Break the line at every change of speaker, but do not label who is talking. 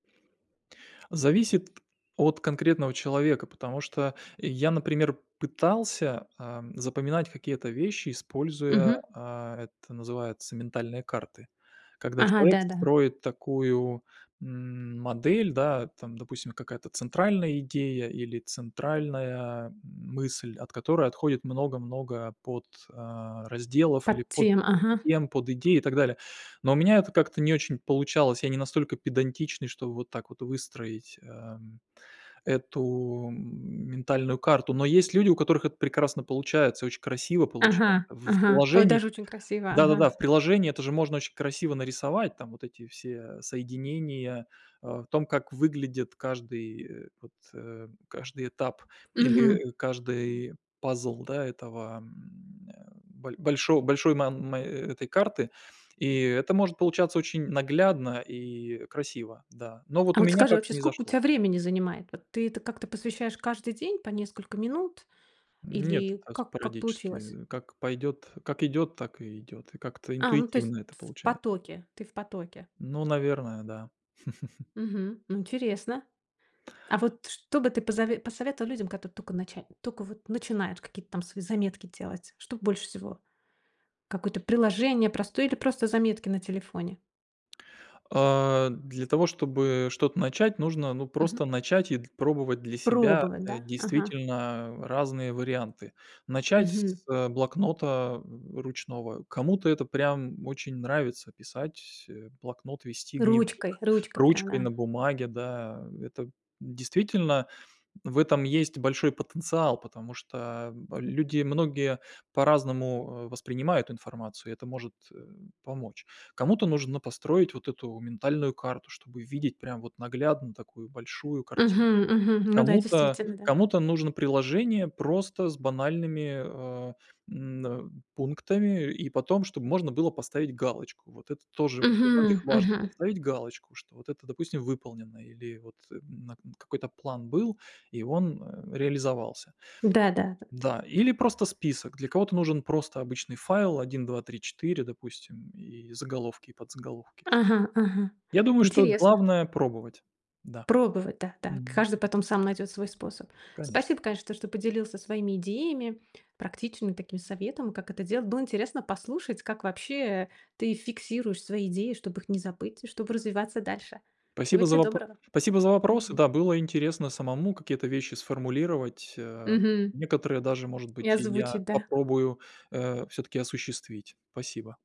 Зависит от конкретного человека, потому что я, например, пытался, ам, запоминать какие-то вещи, используя,
Мгм.
а, это называется ментальные карты. Когда
Ага,
человек
да-да.
строит такую, м, модель, да, там, допустим, какая-то центральная идея, или центральная мысль, от которой отходит много-много под а, разделов или
Подтем, ага.
подтем, подидей, и так далее. Но у меня это как-то не очень получалось. Я не настолько педантичный, чтобы вот так вот выстроить, эм, эту, м, ментальную карту. Но есть люди, у которых это прекрасно получается, очень красиво получается.
Ага
В
ага. Ой,
приложении
даже очень красиво.
да-да-да,
Ага.
в приложении это же можно очень красиво нарисовать, там вот эти все соединения, а, в том, как выглядит каждый, э, вот, э, каждый этап,
Мгм.
или, э, каждый пазл, да, этого, м, э, боль большо большой, мам мэ этой карты. И это может получаться очень наглядно, и красиво, да, но
А
вот у
вот
меня
скажи,
как-то
вообще
не
сколько у
зашло.
тебя времени занимает? Вот ты этому как-то посвящаешь каждый день по несколько минут?
М, нет,
Или
так
как как получилось?
спорадически. Как пойдёт, как идёт, так и идёт. И как-то
А, ну, то есть
интуитивно это
тф в
получае
потоке. Ты в потоке.
Ну, наверное, да.
Мгм, м, интересно. А вот что бы ты позове посоветовал людям, которые тока нача тока вот начинают какие-то там свои заметки делать? Что б больше всего? Какое-то приложение простое или просто заметки на телефоне.
А, для того чтобы что-то начать, нужно, ну,
Мгм.
просто начать и д пробовать для себя,
Пробовать,
э,
да? Ага.
действительно разные варианты. Начать
Мгм.
с блокнота, м, ручного. Кому-то это прям очень нравится- писать, э, блокнот, вести
Ручкой
дневник
ручкой, прям
ручкой
да.
на бумаге, да. Это действительно, в этом есть большой потенциал, потому что люди многие по-разному, э, воспринимают информацию, и это может, э, помочь. Кому-то нужно построить вот эту ментальную карту, чтобы видеть прям вот наглядно такую большую картину.
Мгм, мгм. Ну да,
Кому-то
действительно, да.
кому-то нужно приложение просто с банальными, а, м, а, пунктами, и потом чтоб можно было поставить галочку. Вот это тоже для
Мгм,
многих важно-
мгм.
поставить галочку, что вот это, допустим, выполнено или вот, м, на к какой-то план был, и он, а, реализовался.
Да да да да.
Да, или просто список. Для кого-то нужен просто обычный файл 1, 2, 3, 4, допустим, и заголовки, и подзаголовки.
Ага ага,
Я думаю, что
интересно.
главное- пробовать. Да.
Пробовать, да-да,
Мгм.
каждый потом сам найдёт свой способ.
Конечно.
Спасибо, конечно, то что поделился своими идеями, практичными такими советом, как это делать. Было интересно послушать, как вообще ты фиксируешь свои идеи, чтоб их не забыть и чтобы развиваться дальше. Всего
Спасибо
те
за вопро
доброго.
спасибо за вопросы.
Мгм.
Да, было интересно самому какие-то вещи сформулировать, а,
Мгм.
некоторые даже, может
И
быть, и я
озвучить, да.
попробую, э, всё-таки осуществить. Спасибо.